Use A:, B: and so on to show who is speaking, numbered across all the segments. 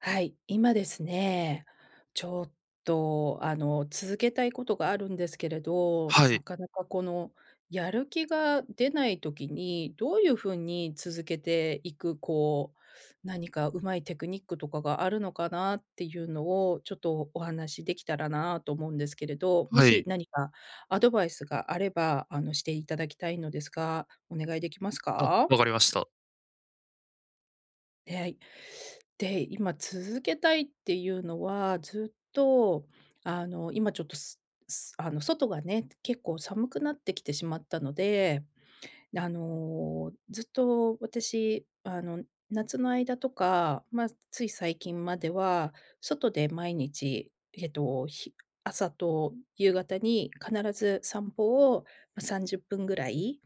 A: はい、今ですね、ちょっと、あの、続けたいことがあるんですけれど、
B: は
A: な
B: い。
A: かなかこのやる気が出ない時に、どういうふうに続けていく、こう、何かうまいテクニックとかがあるのかなっていうのを、ちょっとお話しできたらなと思うんですけれど。も
B: は
A: し、
B: い。
A: 何かアドバイスがあれば、あのしていただきたいのですが、お願いできます
B: あ、
A: か？
B: 分かりました。
A: え、はい。で、今続けたいっていうのは、ずっと、あの今ちょっとあの外がね、結構寒くなってきてしまったので。で、あの、ずっと私、あの夏の間とか、ま、つい最近までは、外で毎日、えっと、ひ朝と夕方に必ず散歩を30分ぐらい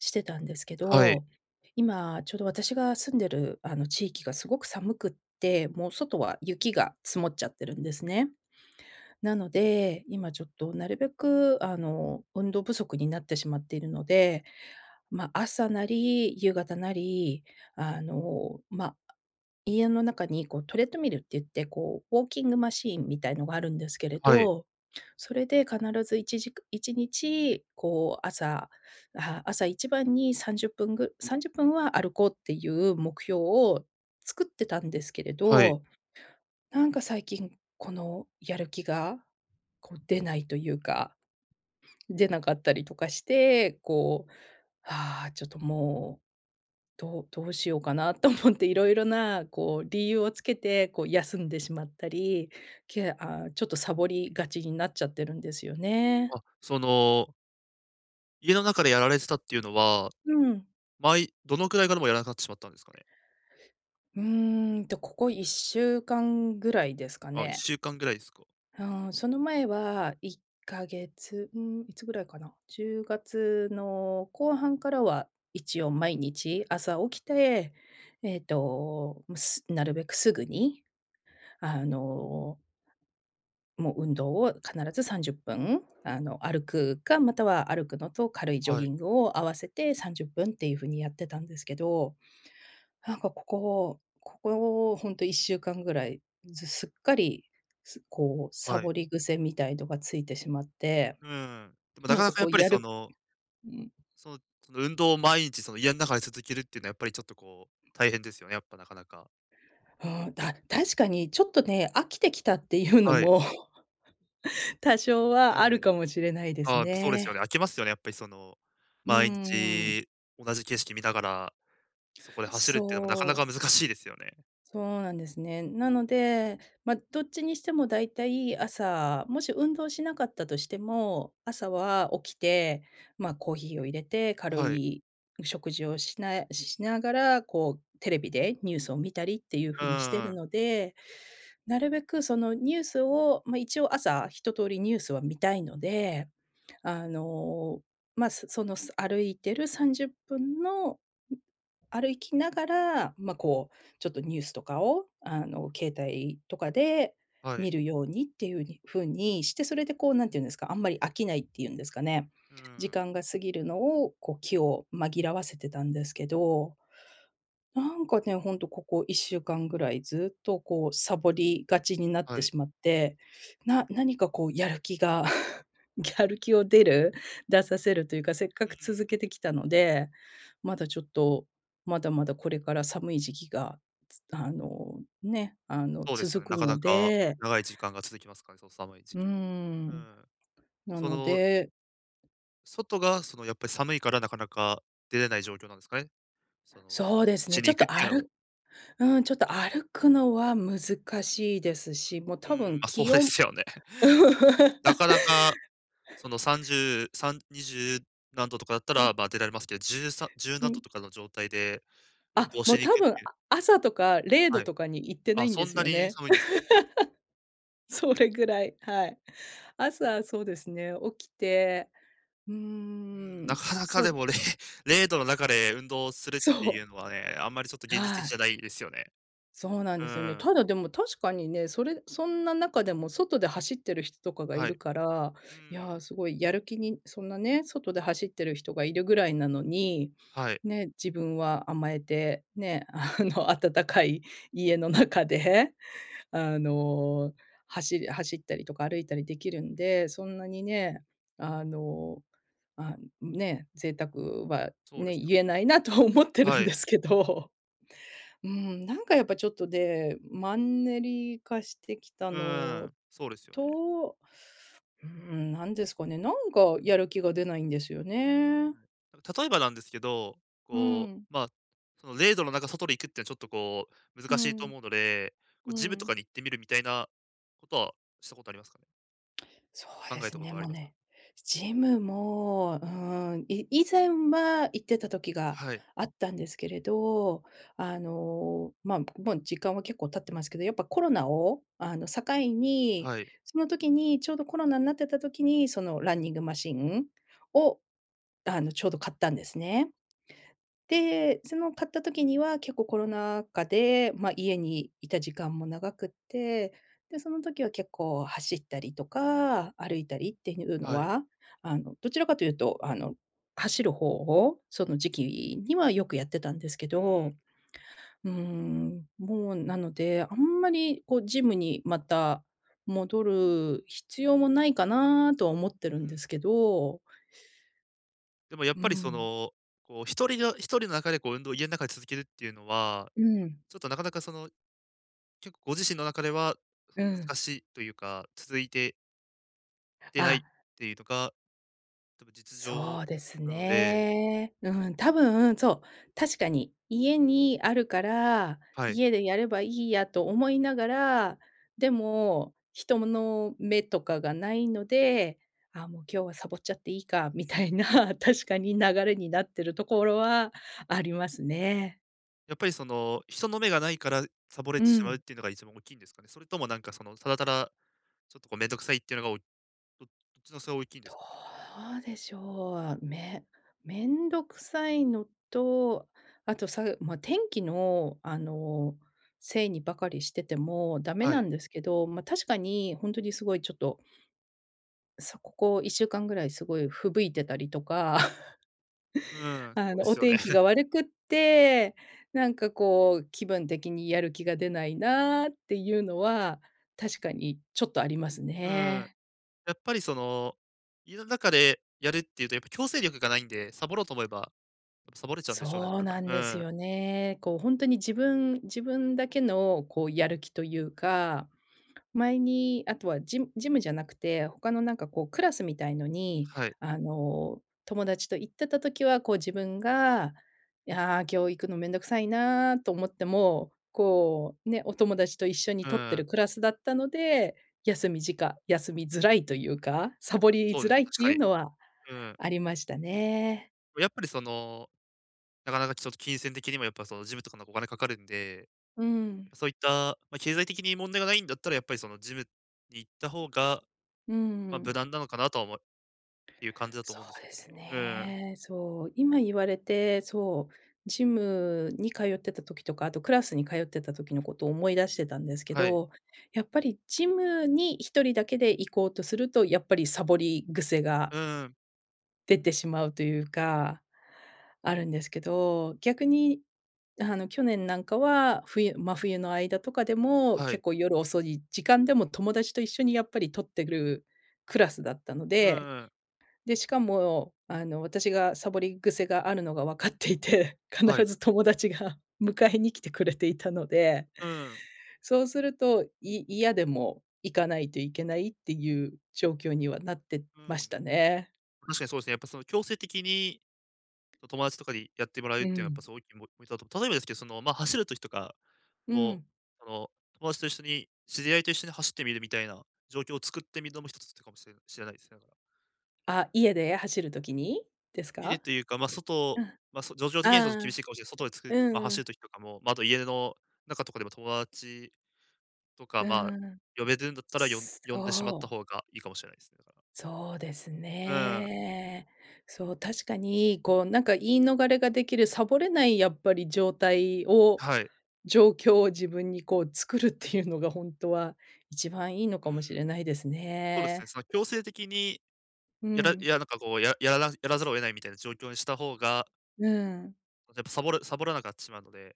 A: してたんですけ
B: はい。
A: ど。今、ちょうど私が住んでるあの地域がすごく寒くって、もう外は雪が積もっちゃってるんですね。なので、今ちょっとなるべくあの、運動不足になってしまっているので、まあ、朝なり、夕方なり、あの、ま、家の中にこうトレッドミルって言って、こう、ウォーキングマシーンみたいのがあるんですけれ
B: はい。
A: ど。それで必ずいちじく1日こう朝朝一番に30分ぐ30分は歩こうっていう目標を作ってたんですけれ
B: はい。
A: ど、なんか最近、このやる気がこう出ないというか。出なかったりとかして、こう、「ああ、ちょっともう、どうどうしようかな」と思って、色々なこう、理由をつけて、こう休んでしまったり、ケアちょっとサボりがちになっちゃってるんですよ
B: あ、
A: ね。
B: その家の中でやられてたっていうのは、
A: うん。
B: まいどのくらいからもうやらなくなってしまったんですかね？
A: うーん、と、ここ1週間ぐらいですか
B: あ、いっ
A: ね。
B: しゅうかんぐらいすか？
A: うーん、その前は1か月、うーん、いつぐらいかな？10月の後半からは一応毎日朝起きて、えっと、ん、すなるべくすぐに、あのもう運動を必ず30分、あの、歩くか、または歩くのと軽いジョ
B: は
A: ギ
B: い。
A: ングを合わせて30分っていうふうにやってたんですけど、なんかここここ、ほんと1週間ぐらい、ずすっかり、すこう、サ
B: はい。
A: ボり癖みたいのがついてしまって、
B: うーん、でも、な
A: な
B: か
A: ん
B: な
A: か
B: かや
A: こ
B: っ
A: う
B: ぱり、
A: や
B: そ
A: る
B: の
A: ん。
B: そう、その運動を毎日、その、家ん中で続けるっていうのは、やっぱり、ちょっと、こう、大変ですよね、やっぱ、なかなか。
A: うーん、だ確かにちょっとね、飽きてきたっていうの
B: はい。
A: も、多少
B: う
A: はあ
B: ー
A: る
B: ん。
A: かもしれないで
B: あ
A: す
B: あ、やっぱそうですよね。
A: ね。
B: 飽きますよね、やっぱり、その、
A: う
B: 毎
A: ーん。
B: 日同じ景色見ながら、そこで走るっていうのもなかな
A: そ
B: か
A: う。
B: 難しいですよね。
A: そうなんですね。なので、ま、どっちにしても大体、朝、もし運動しなかったとしても、朝は起きて、ま、コーヒーを入れて、軽
B: はい。
A: い食事をしなえしながら、こう、テレビでニュースを見たりっていう
B: う
A: ふうにしてる
B: ーん。
A: ので、なるべく、その、ニュースをま、一応、朝、一通りニュースは見たいので、あの、ま、そその、そ歩いてる30分の、ん、歩きながら、ま、こう、ちょっとニュースとかを、あの、携帯とかで
B: はい。
A: 見るようにっていうに風にして、それで、こう、何て言うんですか、あんまり飽きないっていうんですかね、
B: うー
A: 時
B: ん。
A: 間が過ぎるのを、こう、気を紛らわせてたんですけど、なんかね、ほんと、ここ1週間ぐらいずっと、こう、さぼりがちになっ
B: は
A: て
B: い。
A: しまって、な何かこうやる気が、やる気を出る出させるというか、せっか
B: うー
A: く続
B: ん。
A: けてきたので、まだちょっと、まだまだこれから寒い時期が、つあの、ね、あの
B: そうですよね、
A: 続
B: な
A: く
B: かな
A: の
B: か、
A: で
B: 長い時間が続きますからね、その寒い時
A: うー
B: 期は。う
A: ん、
B: ん。
A: な
B: そ
A: の
B: の
A: で
B: 外がそのやっぱり寒いからなかなか出れない状況なんですかね。その、う
A: そうです
B: ち
A: ね、ち
B: に
A: ょっ
B: 行くっ
A: と
B: てい
A: あ
B: うのも。
A: るうん、ちょっと歩くのは難しいですし、もう
B: うー
A: 多
B: ん
A: 分
B: あ、そう
A: 気
B: で
A: 温
B: すよね。なかなか、その30、3二十何度とかだった
A: うん。
B: らば、出られますけど、じゅうさ十
A: う
B: 何度
A: ん。
B: とかの状態で運
A: あ、
B: 動
A: も
B: し
A: う
B: に行
A: 多
B: くっ
A: 分、
B: て
A: あ
B: いう
A: 朝とかれい
B: は
A: ど
B: い。
A: とかにいってな
B: あ、
A: いん
B: そ
A: で
B: ん
A: す
B: な
A: よ
B: に
A: ね。
B: 寒いんです。
A: それぐらい、はい。朝そうですね、起きて、う
B: うん、
A: ーん、
B: なかなか
A: そう
B: で
A: で
B: も、れい0度の中で運動するって
A: そ
B: いう
A: う。
B: のはね、あんまりちょっと現実
A: は
B: 的じ
A: い。
B: ゃないですよね。
A: そうなん
B: う
A: ですよね。
B: ーん。
A: ただでも確かにね、それそんな中でも外で走ってる人かがい
B: はい。
A: るか
B: う
A: ら、
B: ー
A: い
B: ん。
A: や、すごいやる気に、そんなね、外で走ってる人がいるぐらいなのに、
B: はい。
A: ね、自分は甘えて、ね、あの、温かい家の中で、あの。走り走ったりとか歩いたりできるんで、そんなにね、あ、ね、贅沢は
B: そうで
A: ね
B: すよ
A: 言
B: ね。
A: えないなと思ってるん
B: は
A: で
B: い。
A: すけど。うん、なんかやっぱちょっとね、マンネリ化してきた
B: うー
A: の
B: ん、そうですよね。
A: と、うん、何ですかね、なんかやる気が出ないんですよ
B: は
A: ね。
B: い、例えばなんですけど、
A: う
B: こ
A: ん。
B: う、まあ、その0度の中外に行くっていうのはちょっとこう
A: う
B: 難しいと
A: ん、
B: 思うので、こう
A: う
B: ジムと
A: ん。
B: かに行ってみるみたいなことはしたことありますかね？
A: そう
B: 考
A: で
B: え
A: す
B: たこ
A: ね、
B: とはあ
A: も
B: り
A: う
B: ますか？
A: ね、ジムも、うーん、い以前は行ってた時が
B: はい。
A: あったんですけれど、あの、まあ、もう時間は結構経ってますけど、やっぱコロナを、あの、境に、
B: はい。
A: その時にちょうどコロナんなってた時に、そのランニングマシンを、あの、ちょうど買ったんですね。で、その買った時には結構コロナ禍で、ま、家にいた時間も長くて、で、その時は結構走ったりとか、歩いたりっていうの
B: はい。
A: は、あの、どちらかというと、あの、走る方を、その時期にはよくやってたんですけ
B: うん。
A: ど、うーん、もう、なので、あんまり、こう、ジムにまた戻る必要もないかなとは思って
B: う
A: るんで
B: ん。
A: すけど
B: でも、やっ
A: う
B: ぱりそ
A: ん。
B: の、こう、1人の1人の中でこう、運動を家ん中で続けるっていうのは、
A: うん。
B: ちょっと、なかなかその、結構ご自身の中では、そ
A: う
B: の
A: ん。
B: 難しいというか、続いててないっ
A: あ。
B: ていうとか、多分実情
A: そうです
B: なので。
A: ね。うん、多分、そう、確かに、家にあるから、
B: はい。
A: 家でやればいいやと思いながら、でも、人もの目とかがないので、「あ、もう今日はサボっちゃっていいか」み
B: う
A: た
B: ん。
A: いな、確かに流れになってるところはありますね。
B: やっぱりその、人の目がないからサボれ
A: う
B: てしまうっ
A: ん。
B: ていうのが一番大きいんですかね？それともなんかその、ただただちょっとこう面倒くさいっていうのがおどどっちのそう大きいんで
A: ど
B: すかね？
A: うでしょう。め面倒くさいのと、あとさ、うま、天気のあの、せいにばかりしててもダメ
B: は
A: な
B: い。
A: んですけど、ま、確かに本当にすごいちょっとそう、ここ1週間ぐらいすごい吹雪いてたりとか、
B: う ーん、そ
A: あ
B: うで
A: のお
B: すよね。
A: 天気が 悪くって、なんかこう気分的にやる気が出ないなっていうのは、確かにちょっとあります
B: うーん、
A: ね。
B: やっぱり、その、家の中でやるっていうと、やっぱ強制力がないんで、サボろうと思えば、サボれちゃうんでしょうね、だ
A: そう
B: か
A: なんで
B: ら。う
A: す
B: ん。
A: よね。こうほんとに自分自分だけのこうやる気というか、前に、あとはジジムじゃなくて、他のなんかこうクラスみたいのに、
B: はい。
A: あの友達と行ってた時は、こう自分が、「ああ、今日行くの面倒くさいな」と思っても、こう、ね、お友達と一緒に
B: う
A: 取っ
B: ー
A: てる
B: ん。
A: クラスだったので、休みじか休みづらいというか、サボり
B: そう
A: づ
B: です
A: ら
B: ね、
A: いっ
B: 確
A: て
B: か
A: い
B: に。
A: う
B: う
A: のは
B: ーん。
A: ありましたね。
B: もうやっぱり、その、なかなかちょっと金銭的にも、やっぱその、ジムとかのお金かかるんで、
A: うん。
B: そういった、ま、経済的に問題がないんだったら、やっぱりその、ジムに行った方が、
A: うー
B: ま、無
A: ん。
B: 難なのかなとは思ういう感じだと
A: そ
B: 思うんです
A: う
B: け
A: で
B: どね。
A: す
B: うん。
A: ね。そう、今言われて、そう、ジムに通ってた時とか、あと、クラスに通ってた時のことを思い出してたんですけ
B: はい。
A: ど、やっぱり、ジムに一人だけで行こうとすると、やっぱり、サボり癖が
B: うん。
A: でてしまうというか。あるんですけど、逆に、あの去年なんかは、冬真冬の間とかでも、
B: は
A: 結
B: い。
A: 構夜遅い時間でも、友達と一緒にやっぱり取ってぐるクラスだったの
B: うん
A: で、
B: うん。
A: で、しかもあの、私がサボり癖があるのがわかっていて、
B: は
A: 必
B: い。
A: ず友達が迎えに来てくれていたので、
B: うん。
A: そうすると、い嫌でも行かないといけないっていう状況にはなって
B: う
A: まし
B: ん。
A: たね。
B: 確かにそうですね。やっぱその、強制的にこう友達とかにやってもらうっ
A: う
B: ていうのは、やっぱ
A: ん。
B: すごいぎもみだと、例えばですけど、その、まあ、走る時とか
A: う
B: も、
A: ん。
B: あの、友達と一緒に知り合いと一緒に走ってみる、みたいな状況を作ってみるのもひとつってかもしれなしれないっす、ながら。
A: あ、家で走る時にです
B: 家で
A: か？
B: というか、ま、外
A: うん、あ
B: ま、そ状況的にはちょっと厳し
A: あ、
B: いかもしれない。外でつく
A: う
B: ま、
A: んう
B: 走る
A: ん。
B: 時とかも、まあ、家の中とかでも、友達とか、
A: う
B: まあ、
A: ーん。
B: 呼べるんだったら、よん呼
A: そ
B: んでしまった
A: う。
B: 方がいいかもしれない。だから。
A: そうです
B: うーん。
A: ね。そう、確かに、こうなんか言い逃れができるさぼれない、やっぱり状態を
B: はい。
A: 状況を自分にこう作るっていうのが、ほんとは1番いいの
B: う
A: かもしれ
B: ん。
A: ないです
B: そうですね、
A: ね。
B: その強制的に
A: う
B: やらい
A: ん。
B: やなんかこう、ややらなやらざるを得ないみたいな状況にした方が
A: うん。
B: やっぱ、さぼるさぼらなくなってしまうので、や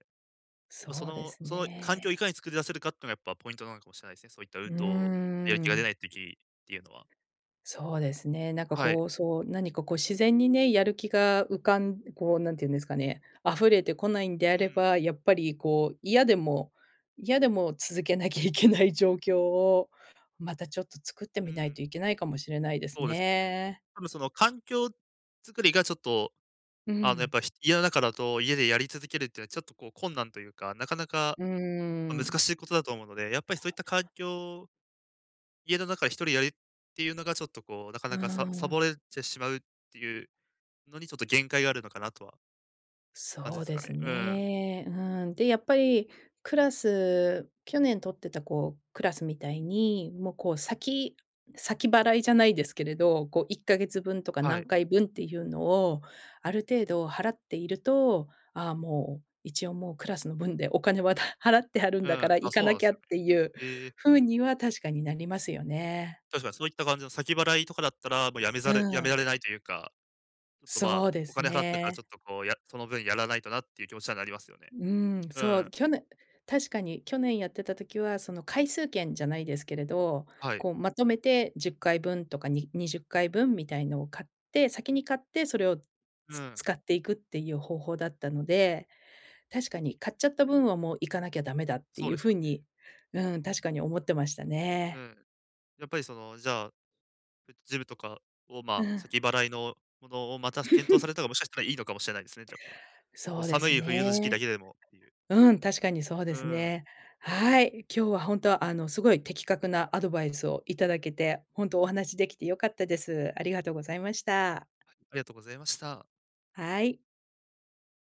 B: っぱ、そ
A: そうで
B: の
A: す
B: その環境をい
A: ね。
B: かに作り出せるかっていうのがやっぱポイントなのかもしれないですね。そういった
A: う
B: 運
A: ー
B: 動やる気が出
A: ん。
B: ない時っていうのは。
A: そうですね、なんか
B: はい。
A: こう、そう、何かこう自然にね、やる気が浮かんこう何て言うんですかね、溢れてこないん
B: う
A: であれ
B: ん。
A: ば、やっぱりこう、嫌でも嫌でも続けなきゃいけない状況を、またちょっと作って
B: う
A: みないと
B: ん。
A: いけないかもしれないです
B: そうですね。
A: ね。
B: 多分その環境作りがちょっと、
A: う
B: あの、やっ
A: ん。
B: ぱひ家の中だと家でやり続けるっていうのはちょっとこう困難というか、なかなか、っ
A: うー
B: ぱ、難
A: ん。
B: しいことだと思うので、やっぱりそういった環境家の中でひとりやる、っていうのがちょっとこうなか
A: う
B: な
A: ー
B: かささぼ
A: ん。
B: れてしまうっていうのに、ちょっと限界があるのかなとは感じ
A: そ
B: で
A: う
B: す
A: で
B: か
A: す
B: ね。うーん。
A: ね。うん。で、やっぱり、クラス去年取ってたこう、クラスみたいに、もうこう先先払いじゃないですけれど、こう1ヶ月分とか
B: は
A: 何
B: い。
A: 回分っていうのを、ある程度払っていると、ああもう、一応もうクラスの分でお金は、た払ってあるん
B: う
A: だか
B: ん、
A: ら、行
B: あ、
A: か
B: そうな
A: な
B: んで
A: き
B: す
A: ゃっ
B: よ
A: て
B: ね。
A: いう、
B: へえ。
A: 風には確かになりますよね。
B: 確かにそういった感じの先払いとかだったら、もう辞めざ
A: う
B: る辞め
A: ん。
B: られないというか、ちょっとま
A: そ
B: あ、
A: うで
B: お
A: す
B: 金払ったからち
A: ね。
B: ょっとこう、やその分やらないとなっていう気持ちにはなりますよね。
A: うーん、
B: う
A: そ
B: ーん。
A: う、きょね確かに去年やってた時は、その回数券じゃないですけれど、
B: はい。
A: こう、まとめて10回分とか、に20回分みたいのを買って先に買って、それを、
B: う
A: つ
B: ん。
A: 使っていくっていう方法だったので。確かに買っちゃった分はもう行かなきゃダメだって
B: そう
A: いう
B: です
A: 風
B: よ
A: に
B: ね。
A: うん。確かに思ってました
B: う
A: ね。
B: ん。やっぱりその、じゃあ、そうやって、ジムとかを、ま
A: う
B: あ、
A: ん。
B: 先払いのものをまた検討さ れたが、もしかしたらいいのかもしれないですね、じゃあ。も
A: そ
B: う
A: うで
B: 寒
A: す
B: い冬の時期だ
A: ね。
B: けでもっていう。
A: うん、確かにそうで
B: う
A: す
B: ん。
A: ね。はい。今日はほんと、あの、すごい的確なアドバイスをいただけて、ほんとお話しできて良かったです。ありがとうございました。
B: ありがとございました。
A: はい。